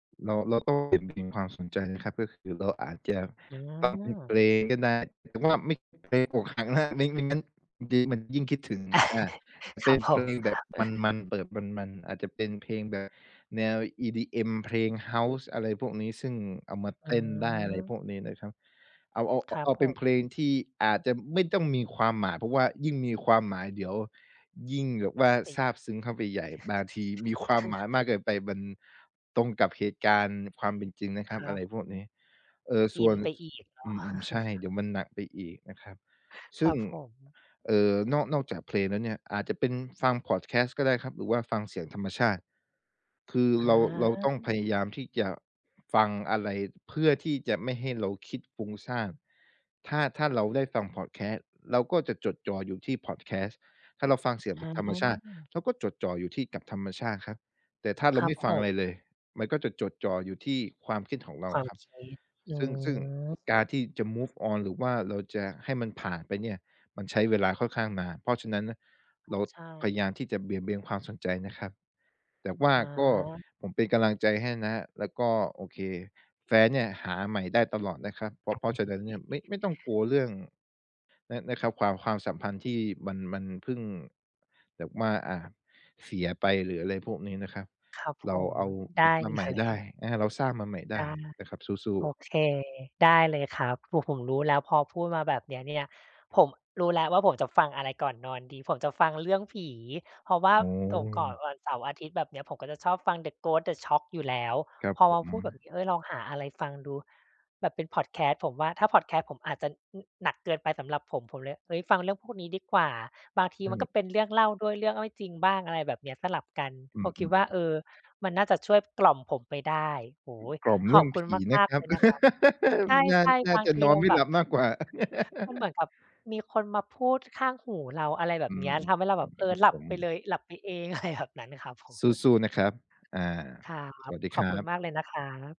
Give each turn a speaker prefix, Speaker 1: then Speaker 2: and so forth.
Speaker 1: เรา เราต้องเบี่ยงเบนความสนใจนะครับ ก็คือเราอาจจะ
Speaker 2: อ๋
Speaker 1: ฟังเป็นเพ
Speaker 2: อ
Speaker 1: ลงก็ได้ แต่ว่าไม่เพลงอกหักนะ ไม่ ไม่งั้นเดี๋ยวมันยิ่งคิดถึง อา
Speaker 2: ค
Speaker 1: เป
Speaker 2: รั
Speaker 1: ็
Speaker 2: บ
Speaker 1: น
Speaker 2: ผ
Speaker 1: เพล
Speaker 2: ม
Speaker 1: งแบบมัน ๆ เปิดมัน ๆ อาจจะเป็นเพลงแบบแนว EDM เพลงเฮาส์ อะไรพวกนี้ ซึ่งเอามา
Speaker 2: อื
Speaker 1: เต้นได้ อะไร
Speaker 2: ม
Speaker 1: พวกนี้นะครับ เอา เอา
Speaker 2: ค
Speaker 1: อ
Speaker 2: รั
Speaker 1: เ
Speaker 2: บ
Speaker 1: อา
Speaker 2: ผ
Speaker 1: เป็นเพล
Speaker 2: ม
Speaker 1: งที่อาจจะไม่ต้องมีความหมาย เพราะว่ายิ่งมีความหมาย เดี๋ยวยิ่งแบบว่า
Speaker 2: เป็น
Speaker 1: ซาบซึ้งเข้าไปใหญ่ บางทีมีความหมายมากเกินไปมันตรงกับเหตุการณ์ความเป็นจริงนะค
Speaker 2: ค
Speaker 1: รับ
Speaker 2: ร
Speaker 1: อะไร
Speaker 2: ับ
Speaker 1: พวกนี้ เออ
Speaker 2: อ
Speaker 1: ส
Speaker 2: ิ
Speaker 1: ่ว
Speaker 2: น
Speaker 1: น
Speaker 2: ไป
Speaker 1: ส
Speaker 2: อีกเนา
Speaker 1: อืม ๆ ใช่
Speaker 2: ะ
Speaker 1: เดี๋ยวมันหนักไปอีกนะครับ
Speaker 2: ค
Speaker 1: ซ
Speaker 2: ร
Speaker 1: ึ่
Speaker 2: ั
Speaker 1: ง
Speaker 2: บผม
Speaker 1: เอ่อ นอก นอกจากเพลงแล้วเนี่ย อาจจะเป็นฟังพอดแคสต์ก็ได้ครับ หรือว่าฟังเสียงธรรมชาติ คือ
Speaker 2: อ
Speaker 1: เรา เราต้องพ
Speaker 2: า
Speaker 1: ยายามที่จะ ฟังอะไรเพื่อที่จะไม่ให้เราคิดฟุ้งซ่าน ถ้า ถ้าเราได้ฟังพอดแคสต์ เราก็จะจดจ่ออยู่ที่พอดแคสต์ ถ้าเราฟังเสียง
Speaker 2: อ
Speaker 1: ธรรมชาติ
Speaker 2: า
Speaker 1: เราก็จดจ่ออยู่ที่กับธรรมชาติครับ แต่ถ้าเร
Speaker 2: ค
Speaker 1: า
Speaker 2: รั
Speaker 1: ไ
Speaker 2: บ
Speaker 1: ม่ฟ
Speaker 2: ผ
Speaker 1: ังอะ
Speaker 2: ม
Speaker 1: ไรเลย มันก็จะจดจ่ออยู่ที่ความคิดของเร
Speaker 2: ค
Speaker 1: า
Speaker 2: วาม
Speaker 1: ครับ
Speaker 2: คิด อื
Speaker 1: ซึ่ง ซึ่งกา
Speaker 2: ม
Speaker 1: รที่จะ move on หรือว่าเราจะให้มันผ่านไปเนี่ย มันใช้เวลาค่อนข้างนาน เพราะฉะนั้นนะ เรา
Speaker 2: ใช
Speaker 1: พยาย
Speaker 2: ่
Speaker 1: ามที่จะเบี่ยงเบนความสนใจนะครับ แต่ว่า
Speaker 2: อ
Speaker 1: ก็
Speaker 2: า
Speaker 1: ผมเป็นกำลังใจให้นะครับ แล้วก็ โอเค แฟนเนี่ยหาใหม่ได้ตลอดนะครับ เพราะ เพราะฉะนั้นเนี่ย ไม่ ไม่ต้องกลัวเรื่อง นะ นะครับ ความ ความสัมพันธ์ที่มัน มันเพิ่งแบบว่า อา เสียไป หรืออะไรพวกนี้นะครับ
Speaker 2: ครับ
Speaker 1: เร
Speaker 2: ผ
Speaker 1: า
Speaker 2: ม
Speaker 1: เอา
Speaker 2: ไ
Speaker 1: ก
Speaker 2: ด
Speaker 1: ลับ
Speaker 2: ้
Speaker 1: มาใหม
Speaker 2: เล
Speaker 1: ่ได
Speaker 2: ย
Speaker 1: ้ นะครับ เราสร้างมาใหม่ได
Speaker 2: ได
Speaker 1: ้
Speaker 2: ้
Speaker 1: นะครับ สู้
Speaker 2: โอ
Speaker 1: ๆ
Speaker 2: เค ได้เลยครับ โอ้ ผมรู้แล้ว พอพูดมาแบบนี้เนี่ย ผมรู้แล้วว่าผมจะฟังอะไรก่อนนอนดี ผมจะฟังเรื่องผี เพราะว่า
Speaker 1: อ๋อ
Speaker 2: ตกก่อนวันเสาร์อาทิตย์แบบนี้ ผมก็จะชอบฟัง The Ghost The Shock อยู่แล้ว
Speaker 1: ครับ
Speaker 2: พอ
Speaker 1: ผ
Speaker 2: มา
Speaker 1: ม
Speaker 2: พูดแบบนี้ เฮ้ย ลองหาอะไรฟังดูแบบเป็นพอดแคสต์ ผมว่า ถ้าพอดแคสต์ผมอาจจะ อ หนักเกินไปสำหรับผม ผมเลย เฮ้ย ฟังเรื่องพวกนี้ดีกว่า บางที
Speaker 1: อื
Speaker 2: มัน
Speaker 1: ม
Speaker 2: ก็เป็นเรื่องเล่าด้วย เรื่องไม่จริงบ้าง อะไรแบบเนี้ย สลับกัน
Speaker 1: อื
Speaker 2: ผมคิด
Speaker 1: อ
Speaker 2: ว่า
Speaker 1: ๆ ๆ
Speaker 2: เออ มันน่าจะช่วยกล่อมผมไปได้ โอ้โฮ
Speaker 1: กล่อม
Speaker 2: ข
Speaker 1: เร
Speaker 2: อ
Speaker 1: ื่
Speaker 2: บ
Speaker 1: อง
Speaker 2: คุ
Speaker 1: ผ
Speaker 2: ณ
Speaker 1: ีน
Speaker 2: ม
Speaker 1: ะ
Speaker 2: าก
Speaker 1: คร
Speaker 2: ๆ
Speaker 1: ั
Speaker 2: เล
Speaker 1: บ
Speaker 2: ยนะครับ ใ
Speaker 1: น่า
Speaker 2: ช่
Speaker 1: น่
Speaker 2: ๆ
Speaker 1: า
Speaker 2: บาง
Speaker 1: จะ
Speaker 2: ที
Speaker 1: นอ
Speaker 2: เร
Speaker 1: น
Speaker 2: า
Speaker 1: ไม่
Speaker 2: แบ
Speaker 1: หล
Speaker 2: บ
Speaker 1: ับมากกว่า
Speaker 2: มันเหมือนกับมีคนมาพูดข้างหูเรา อะไรแบ
Speaker 1: อื
Speaker 2: บเน
Speaker 1: ม
Speaker 2: ี้ย ทำให้เราแ
Speaker 1: อ
Speaker 2: บ
Speaker 1: ื
Speaker 2: บ
Speaker 1: ม
Speaker 2: เอ
Speaker 1: คร
Speaker 2: อ
Speaker 1: ับ
Speaker 2: หลั
Speaker 1: ผ
Speaker 2: บ
Speaker 1: ม
Speaker 2: ไปเลย หลับไปเอง อะไร แบบนั้นครับผม
Speaker 1: สู้ ๆ นะครับ อา
Speaker 2: ครั
Speaker 1: ส
Speaker 2: บ
Speaker 1: วัสดี
Speaker 2: ข
Speaker 1: ค
Speaker 2: อบ
Speaker 1: ร
Speaker 2: ค
Speaker 1: ั
Speaker 2: ุณ
Speaker 1: บ
Speaker 2: มากเลยนะครับ